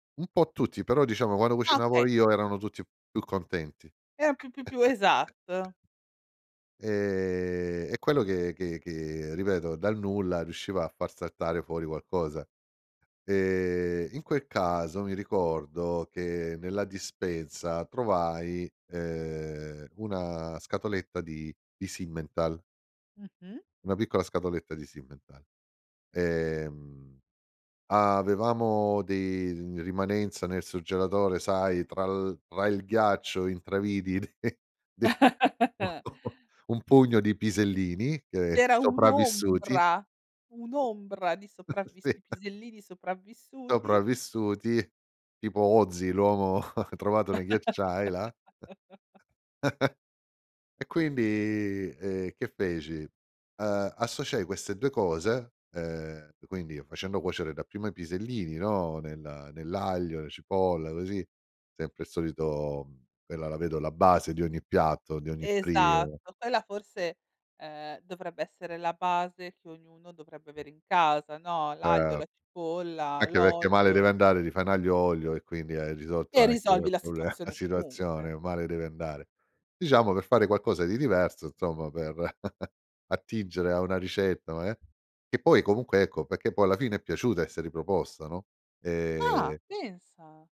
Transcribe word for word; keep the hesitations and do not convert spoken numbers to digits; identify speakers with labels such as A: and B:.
A: Un po' tutti, però diciamo quando
B: Ah
A: cucinavo
B: okay.
A: io erano tutti più contenti.
B: Eh, più più più esatto.
A: Ehm, è quello che che che ripeto, dal nulla riusciva a far saltare fuori qualcosa. Ehm, in quel caso mi ricordo che nella dispensa trovai, ehm, una scatoletta di di Simmenthal
B: Mh-mh.
A: una piccola scatoletta di Simmenthal. Ehm, avevamo dei rimanenza nel surgelatore, sai, tra l tra il ghiaccio intravidi de de un un pugno di pisellini che
B: Era
A: sopravvissuti
B: un'ombra, un'ombra di sopravvis
A: Sì.
B: i pisellini sopravvissuti.
A: Sopravvissuti, tipo Ötzi, l'uomo trovato nei ghiacciai là. E quindi, ehm, che feci? Ehm, associai queste due cose, ehm, q quindi facendo cuocere dapprima i pisellini, no, nel nell'aglio, la cipolla, così; sempre il solito uhm, quella la vedo la base di ogni piatto, di ogni pri ehm
B: Esatto, quella forse, ehm, dovrebbe essere la base che ognuno dovrebbe avere in casa, no, l'aglio,
A: Eh.
B: la cipolla,
A: Anche perché male deve
B: oglio.
A: andare, ti fai n'aglio oglio e quindi hai risolto
B: E
A: anche quel
B: risolvi la
A: proble la
B: situazione comunque.
A: situazione, male deve andare. Diciamo per fare qualcosa di diverso, nzomma per attingere a una ricetta, no, eh. E poi comunque, ecco, pecchè poi alla fine è piaciuta e si è riproposta, no.
B: Ah!
A: Ehm
B: Pensa!